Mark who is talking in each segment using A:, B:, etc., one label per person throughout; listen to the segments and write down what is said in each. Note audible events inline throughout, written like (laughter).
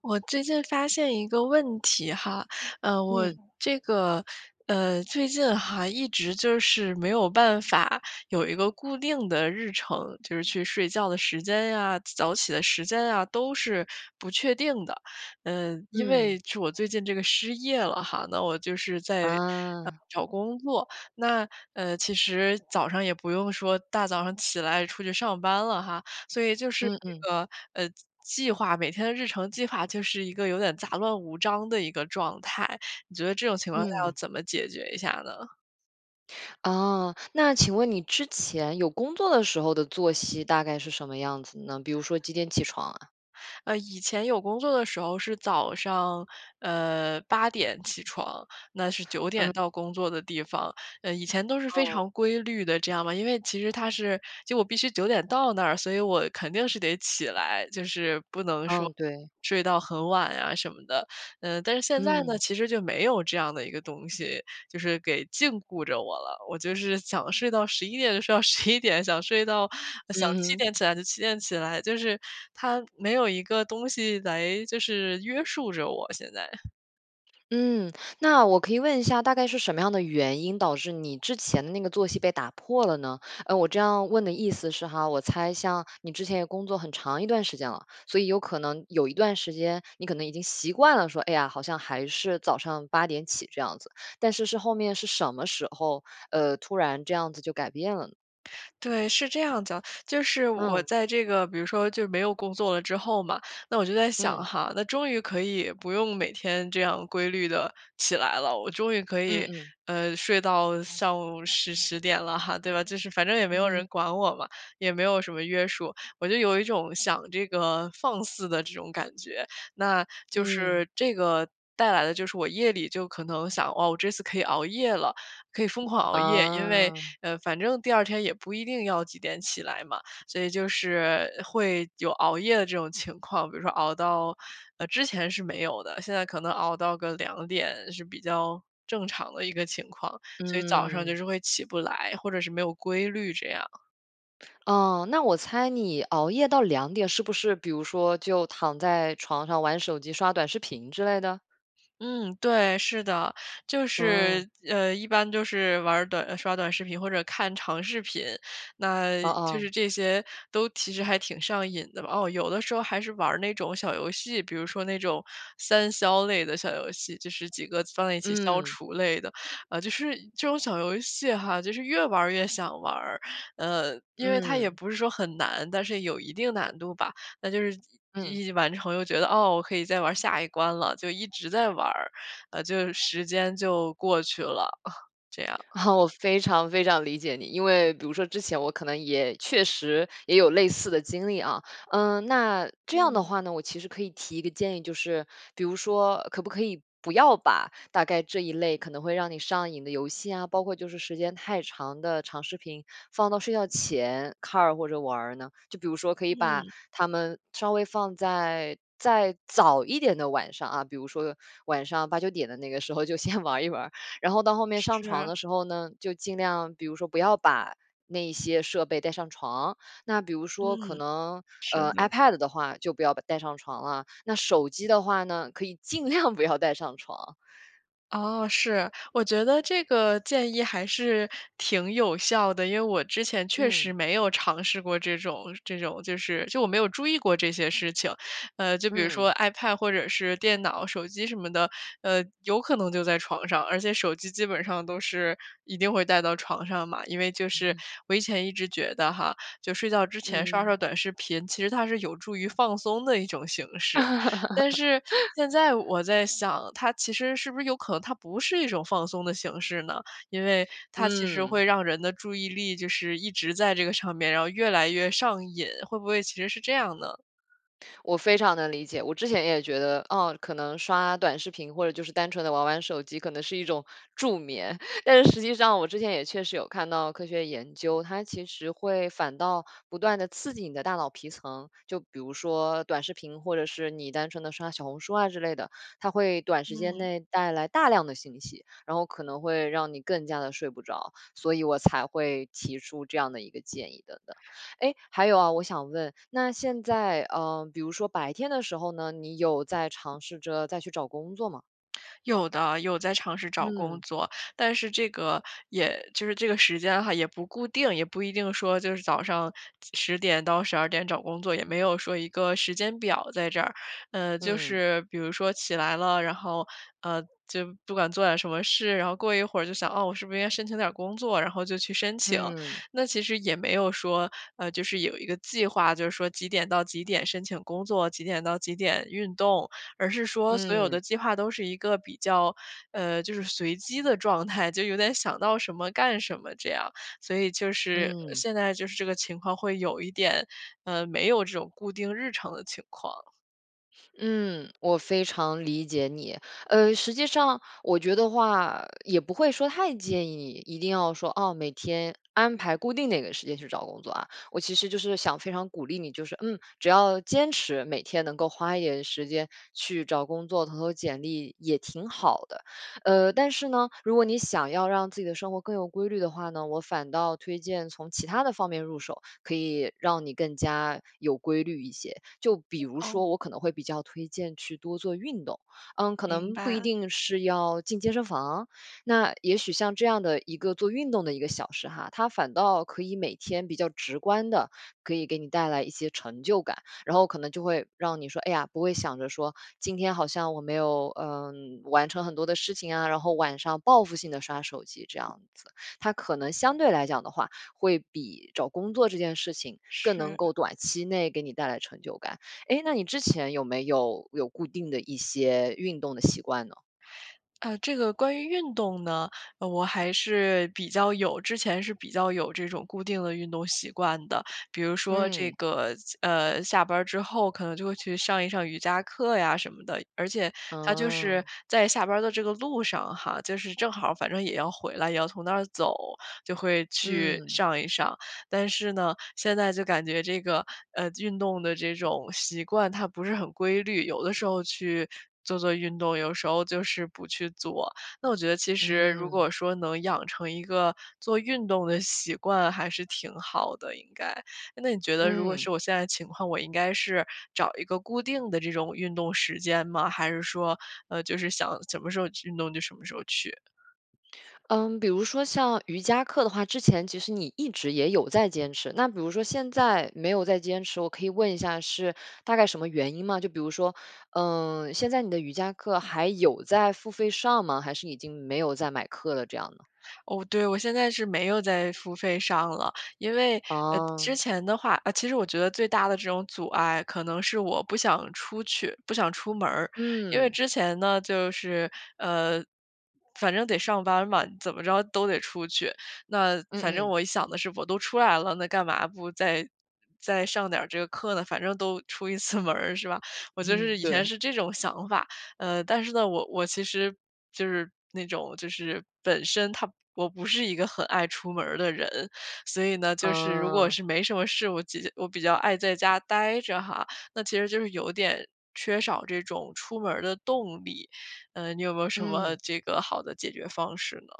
A: 我最近发现一个问题哈，呃，我
B: 嗯。
A: 这个呃，最近还一直就是没有办法有一个固定的日程，就是去睡觉的时间呀、早起的时间呀，都是不确定的。嗯，因为
B: 嗯。
A: 就我最近这个失业了哈，那我就是在，呃，
B: 啊。
A: 找工作。那，呃，其实早上也不用说大早上起来出去上班了哈，所以就是
B: 嗯嗯。
A: 这个，呃，计划每天的日程计划就是一个有点杂乱无章的一个状态。你觉得这种情况下要
B: 嗯。
A: 怎么解决一下呢？
B: 哦，那请问你之前有工作的时候的作息大概是什么样子呢？比如
A: (smacks lips)
B: 说几点起床啊？
A: 呃，以前有工作的时候是早上，呃，8点起床，那是9
B: 嗯。
A: 点到工作的地方。呃，以前都是非
B: 哦。
A: 常规律的，这样嘛。因为其实它是就我必须9点到那儿，所以我肯定是得起来，就是不能说
B: 嗯，对。
A: 睡到很晚呀什么的。呃，但是现在呢，
B: 嗯。
A: 其实就没有这样的一个东西，就是给禁锢着我了。我就是想睡到11点就睡到11点，想睡到想
B: 嗯
A: 7
B: 哼。
A: 点起来就7点起来，就是它没有一个东西来就是约束着我现在。
B: 嗯，那我可以问一下，大概是什么样的原因导致你之前的那个作息被打破了呢？嗯，我这样问的意思是哈，我猜像你之前也工作很长一段时间了，所以有可能有一段时间你可能已经习惯了说，“哎呀，好像还是早上8点起这样子“，但是是后面是什么时候，呃，突然这样子就改变了呢？
A: 对，是这样的。就是我
B: 嗯。
A: 在这个比如说就是没有工作了之后嘛，那我就在想
B: 嗯。
A: 哈，“那终于可以不用每天这样规律地起来了“，”我终于可
B: 嗯
A: 以，
B: 嗯。
A: 呃，睡到上午10-10点了哈“，对吧？就是反正也没
B: 嗯
A: 有人
B: 嗯。
A: 管我嘛，也没有什么约束，我就有一种想这个放肆的这种感觉。那就
B: 嗯。
A: 是这个带来的就是我夜里就可能想：“哦，我这次可以熬夜了，可以疯狂熬夜，因为，
B: 哦。
A: 嗯，反正第二天也不一定要几点起来嘛。“所以就是会有熬夜的这种情况，比如说熬到呃，之前是没有的，现在可能熬到个2点是比较正常的一个情况，所以早上就
B: 嗯。
A: 是会起不来，或者是没有规律这样。
B: 哦，那我猜你熬夜到2点是不是比如说就躺在床上玩手机、刷短视频之类的？
A: 嗯，对，是的。就
B: 嗯。
A: 是，呃一般就是玩儿短刷短视频或者看长视频，那
B: 哦
A: 就
B: 哦。
A: 是这些都其实还挺上瘾的吧。哦，有的时候还是玩儿那种小游戏，比如说那种三消类的小游戏，就是几个放在一起消
B: 嗯。
A: 除类的。呃，就是这种小游戏哈，就是越玩儿越想玩儿。嗯，因为它也
B: 嗯。
A: 不是说很难，但是有一定难度吧。那就是
B: 嗯。
A: 一一完成又觉得：“哦，我可以再玩儿下一关了。”就一直在玩儿，呃，就时间就过去了，(chuckles) 这样。
B: (laughs) 我非常非常理解你。因为比如说之前我可能也确实也有类似的经历啊。嗯，那这样的
A: 嗯。
B: 话呢，我其实可以提一个建议，就是比如说可不可以不要把大概这一类可能会让你上瘾的游戏啊，包括就是时间太长的长视频放到睡觉前看儿或者玩儿呢？就比如说可以把
A: 嗯。
B: 它们稍微放在再早一点的晚上啊，比如说晚上8-9点的那个时候就先玩儿一玩儿。然后到后面上床
A: 是。
B: 的时候呢，就尽量比如说不要把那些设备带上床，那比如说可
A: 嗯。
B: 能
A: 是
B: 呃
A: 的。
B: ，ipad 的话就不要带上床了，那手机的话呢，可以尽量不要带上床。
A: 哦，是，我觉得这个建议还是挺有效的。因为我之前确实
B: 嗯。
A: 没有尝试过这种这种就是就我没有注意过这些事情。呃，就比如说
B: 嗯。
A: ipad 或者是电脑、手机什么的，呃，有可能就在床上，而且手机基本上都是一定会带到床上嘛。因为就
B: 嗯
A: 是
B: 哼。
A: 我以前一直觉得哈，就睡觉之前刷
B: 嗯。
A: 刷短视频，其实它是有助于放松的一种形式，但是
B: (laughs)
A: 现在我再想它其实是不是有可能它不是一种放松的形式呢？因为它其实
B: 嗯。
A: 会让人的注意力就是一直在这个上面，然后越来越上瘾，会不会其实是这样呢？
B: 我非常能理解，我之前也觉得哦，可能刷短视频，或者就是单纯地玩玩手机可能是一种助眠，(laughs) 但是实际上我之前也确实有看到科学研究，它其实会反倒不断地刺激你的大脑皮层。就比如说短视频，或者是你单纯地刷小红书啊之类的，它会短时间
A: 嗯。
B: 内带来大量的信息，然后可能会让你更加地睡不着，所以我才会提出这样的一个建议等等。诶，还有啊，我想问，那现在呃，比如说白天的时候呢，你有在尝试着再去找工作吗？
A: (smacks lips) 有的，有在尝试找工
B: 嗯。
A: 作，但是这个也就是这个时间哈也不固定，也不一定说就是早上10:00-12:00找工作，也没有说一个时间表在这儿。呃，就
B: 嗯。
A: 是比如说，起来了，然后，呃就不管做点儿什么事，然后过一会儿就想：“嗯，我是不是应该申请点儿工作？“然后就去申请。
B: 嗯。
A: 那其实也没有说，呃就是有一个计划，就说几点到几点申请工作，几点到几点运动，而是说所有
B: 嗯。
A: 的计划都是一个比较，呃就是随机的状态，就有点想到什么干什么这样，所以就是
B: 嗯。
A: 现在就是这个情况会有一点，呃没有这种固定日常的情况。
B: 嗯，我非常理解你。呃，实际上我觉得的话，也不会说太建议，一定要说，哦，每天安排固定哪个时间去找工作啊。我其实就是想非常鼓励你，就是嗯，只要坚持每天能够花一点时间去找工作，投投简历也挺好的。呃，但是呢，如果你想要让自己的生活更有规律的话呢，我反倒推荐从其他的方面入手，可以让你更加有规律一些。就比如说
A: 哦。
B: 我可能会比较推荐去多做运动，嗯，可
A: 明
B: 能不一
A: 白。
B: 定是要进健身房。那也许像这样的一个做运动的一个小时哈，它反倒可以每天比较直观地可以给你带来一些成就感。然后可能就会让你说，哎呀，不会想着说今天好像我没有，呃，完成很多的事情啊，然后晚上报复性地刷手机这样子。它可能相对来讲的话，会比找工作这件事情更能
A: 是。
B: 够短期内给你带来成就感。诶，那你之前有没有有固定的一些运动的习惯呢？
A: 呃，这个关于运动呢，呃，我还是比较有之前是比较有这种固定的运动习惯的，比如说这
B: 嗯。
A: 个呃，下班儿之后可能就会去上一上瑜伽课呀什么的，而且它就是
B: 哦。
A: 在下班儿的这个路上哈，就是正好儿反正也要回来，也要从那儿走，就会去
B: 嗯。
A: 上一上。但是呢，现在就感觉这个，呃，运动的这种习惯它不是很规律。有的时候去做做运动，有时候就是不去做，那我觉得其实如
B: 嗯。
A: 果说能养成一个做运动的习惯还是挺好的，应该。那你觉得如果
B: 嗯。
A: 是我现在情况，我应该是找一个固定的这种运动时间吗？还是说，呃，就是想什么时候运动就什么时候去？
B: 嗯，比如说像瑜伽课的话，之前其实你一直也有在坚持。那比如说现在没有再坚持，我可以问一下是大概什么原因吗？就比如说，嗯，现在你的瑜伽课还有在付费上吗？还是已经没有在买课了这样呢？
A: 哦，对，我现在是没有在付费上了。因为，呃，之
B: 啊。
A: 前的话呃，其实我觉得最大的这种阻碍可能是我不想出去，不想出门儿。因为
B: 嗯。
A: 之前呢就是，呃，反正得上班嘛，怎么着都得出去。那
B: 嗯
A: 反正
B: 嗯。
A: 我一想的是：“我都出来了，那干嘛不再再上点儿这个课呢，反正都出一次门儿是吧？“我就是
B: (laughs)
A: 以前
B: 对。
A: 是这种想法。嗯，但是呢，我我其实就是那种就是本身她我不是一个很爱出门儿的人，所以呢，就是如果
B: 嗯。
A: 是没什么事，我我比较爱在家呆着哈，那其实就是有点缺少这种出门儿的动力。呃，你有没有什么
B: 嗯。
A: 这个好的解决方式呢？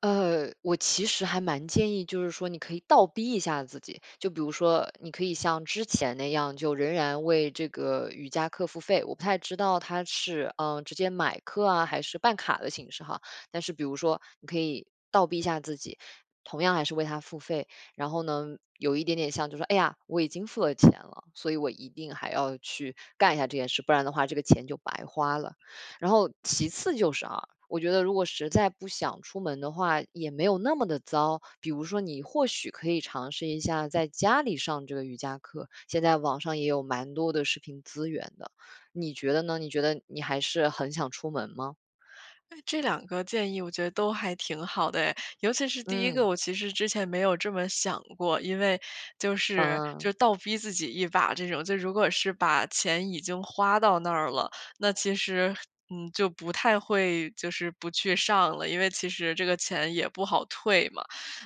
B: 呃，我其实还蛮建议，就是说你可以倒逼一下自己。就比如说你可以像之前那样就仍然为这个瑜伽课付费，我不太知道它是，呃，直接买课啊，还是办卡的形式哈。但是比如说你可以倒逼一下自己，同样还是为它付费。然后呢，有一点点像就是，“哎呀，我已经付了钱了，所以我一定还要去干一下这件事，不然的话这个钱就白花了。“然后其次就是啊，我觉得如果实在不想出门的话，也没有那么地糟。比如说，你或许可以尝试一下在家里上这个瑜伽课。现在网上也有蛮多的视频资源的，你觉得呢？你觉得你还是很想出门吗？
A: 哎，这两个建议我觉得都还挺好的哎。尤其是第1个，
B: 嗯。
A: 我其实之前没有这么想过。因为就是
B: 嗯。
A: 就倒逼自己一把这种，就如果是把钱已经花到那儿了，那其实，嗯，就不太会就是不去上了，因为其实这个钱也不好退嘛。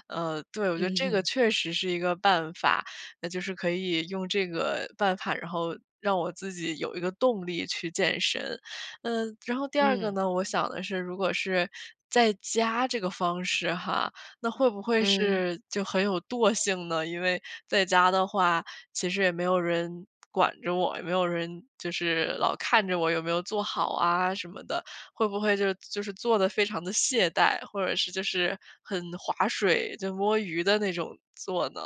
A: 呃，对，我觉得
B: 嗯
A: 这个
B: 哼。
A: 确实是一个办法。那就是可以用这个办法，然后让我自己有一个动力去健身。嗯，然后第2个
B: 嗯。
A: 呢，我想的是如果是在家这个方式哈，那会不会
B: 嗯。
A: 是就很有惰性呢？因为在家的话，其实也没有人管着我，也没有人就是老看着我有没有做好啊什么的，会不会就就是做得非常地懈怠？或者就是很划水就摸鱼的那种做呢？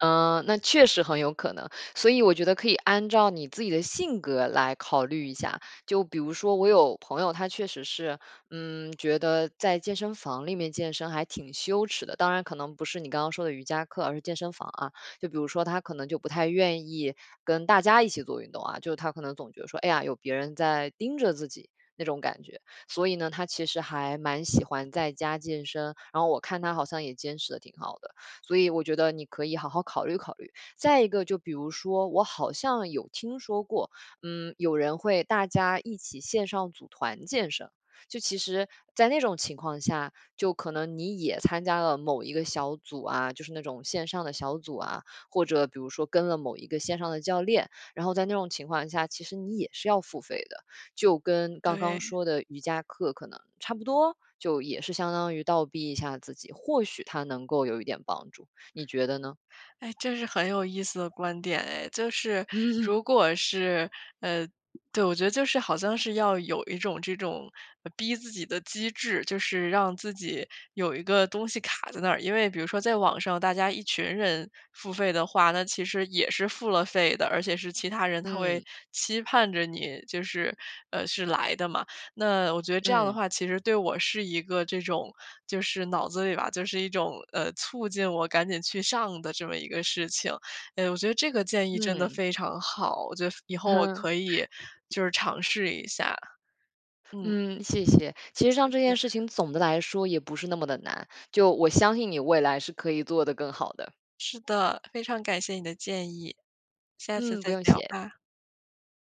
B: 嗯，那确实很有可能，所以我觉得可以按照你自己的性格来考虑一下。就比如说我有朋友，他确实是，嗯，觉得在健身房里面健身还挺羞耻的。当然可能不是你刚刚说的瑜伽课，而是健身房啊。就比如说他可能就不太愿意跟大家一起做运动啊，就是他可能总觉得说“哎呀，有别人在盯着自己"那种感觉。所以呢，他其实还蛮喜欢在家健身，然后我看他好像也坚持得挺好的，所以我觉得你可以好好考虑考虑。再一个就比如说，我好像有听说过，嗯，有人会大家一起线上组团健身。就其实在那种情况下，就可能你也参加了某一个小组啊，就是那种线上的小组啊，或者比如说跟了某一个线上的教练，然后在那种情况下，其实你也是要付费的。就跟刚刚
A: 对。
B: 说的瑜伽课可能差不多，就也是相当于倒逼一下自己，或许它能够有一点帮助。你觉得呢？
A: 哎，这是很有意思的观点哎。就是
B: 嗯
A: 如果是呃，对，我觉得就是好像是要有一种这种逼自己的机制，就是让自己有一个东西卡在那儿。因为比如说在网上大家一群人付费的话，那其实也是付了费的，而且是其他人他
B: 嗯。
A: 会期盼着你就是呃，是来的嘛。那我觉得这样的
B: 嗯。
A: 话，其实对我是一个这种就是脑子里吧就是一种，呃，促进我赶紧去上的这么一个事情。哎，我觉得这个建议真的
B: 嗯。
A: 非常好，我觉得以后我
B: 哼
A: 可以就是尝试一下。嗯。
B: 嗯，谢谢。其实像
A: 谢
B: 这件
A: 谢。
B: 事情总的来说也不是那么地难，就我相信你未来是可以做得更好的。
A: 是的，非常感谢你的建议。下次
B: 嗯，不
A: 再
B: 用
A: 聊
B: 谢。
A: 吧。